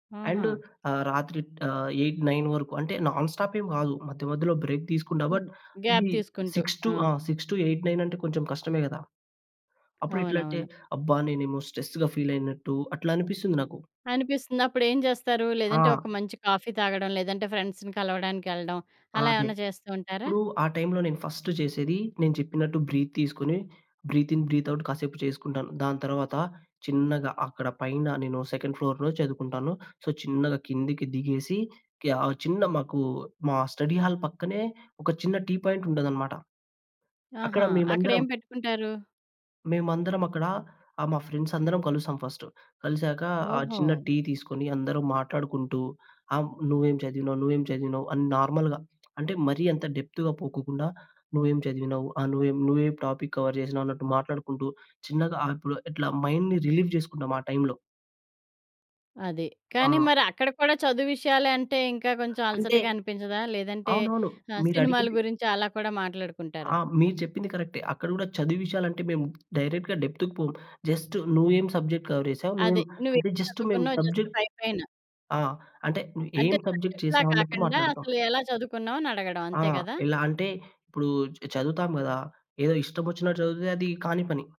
ఆహా! అండు ఆహ్, రాత్రి ఆహ్, 8, 9 వరకు అంటే నాన్‌స్టాప్ ఏం కాదు. మధ్య, మధ్యలో బ్రేక్ తీసుకున్నా. బట్, హ్మ్. గ్యాప్ ఇది తీసుకుంటూ. 6 ఆ! టు ఆహ్, 6-8, 9 అంటే కొంచెం కష్టమే కదా! అప్పుడెట్లంటే, అవునవును. అబ్బా! నేనేమో స్ట్రెస్‌గా ఫీలయినట్టు అట్లా అనిపిస్తుంది నాకు. అనిపిస్తుంది. అప్పుడేంచేస్తారు? ఆ! లేదంటే ఒక మంచి కాఫీ తాగడం, లేదంటే ఫ్రెండ్స్‌ని కలవడానికెళ్ళడం. అలా ఆదె. ఏమన్నా చేస్తూ ఉంటారా? ఇప్పుడు ఆ టైమ్‌లో నేను ఫస్టు జేసేది నేను చెప్పినట్టు, బ్రీత్ తీసుకొని, బ్రీత్ ఇన్, బ్రీత్ అవుట్ కాసేపు చేసుకుంటాను. దాని తరువాత, చిన్నగా అక్కడ పైన నేను సెకండ్ ఫ్లోర్‌లో చదువుకుంటాను. సో, చిన్నగా కిందకి దిగేసి, క్యా ఆహ్, చిన్న మాకు మా స్టడీ‌హాల్ పక్కనే ఒక చిన్న టీ పాయింట్ ఉంటదనమాట. అక్కడ ఆహా! మేమందరం... అక్కడేం పెట్టుకుంటారు? మేమందరం అక్కడా ఆహ్, మా ఫ్రెండ్స్ అందరం కలుస్తాం ఫస్టు. కలిసాక ఆ ఓహో! చిన్న టీ తీసుకొని, అందరం మాట్లాడుకుంటూ ఆహ్, నువ్వేం చదివినావు, నువ్వేం చదివినావు అని నార్మల్‌గా అంటే, మరీ అంత డెప్త్‌గా పోకోకుండా. నువ్వేం చదివినావు, ఆహ్, నువ్వేం, నువ్వేం టాపిక్ కవర్ జేసినావు అన్నట్టు మాట్లాడుకుంటూ చిన్నగా, ఆహ్, ఇప్పుడు ఇట్లా మైండ్‌ని రిలీవ్ చేసుకుంటాం. ఆ టైమ్‌లో. అది. కానీ ఆ! మరి అక్కడ కూడా, చదువు విషయాలే అంటే ఇంకా కొంచెం అంటే అలసటగా అనిపించదా? లేదంటే అవునవును. ఆహ్, సినిమాల మీరడిగింది గురించి అలా కూడా మాట్లాడుకుంటారా? ఆ! మీరు చెప్పింది కరెక్టే. అక్కడ కూడా చదువు విషయాలు అంటే మేము, డైరెక్ట్‌గా డెప్త్‌‌కి పోము. జస్టు నువ్వేం సబ్జెక్ట్ కవర్ జేసావు. అదె. నువ్వేం నువ్వేం అంటే జస్ట్ మేము చదువుకున్నావ్ జస్ట్ సబ్జెక్ట్ పైపైన. ఆ! అంటే అంటే, ఏం సబ్జెక్ట్ సబ్జెక్ట్‌లా చేసావన్నట్టు కాకండా, మాట్లాడుతాం. అసలు ఎలా చదువుకున్నావు? అని అడగడం ఆ! అంతే కదా! ఎలా అంటే, ఇప్పుడు చ చదువుతాం కదా! ఏదో ఇష్టమోచ్చినట్టు చదివితే అది కాని పని.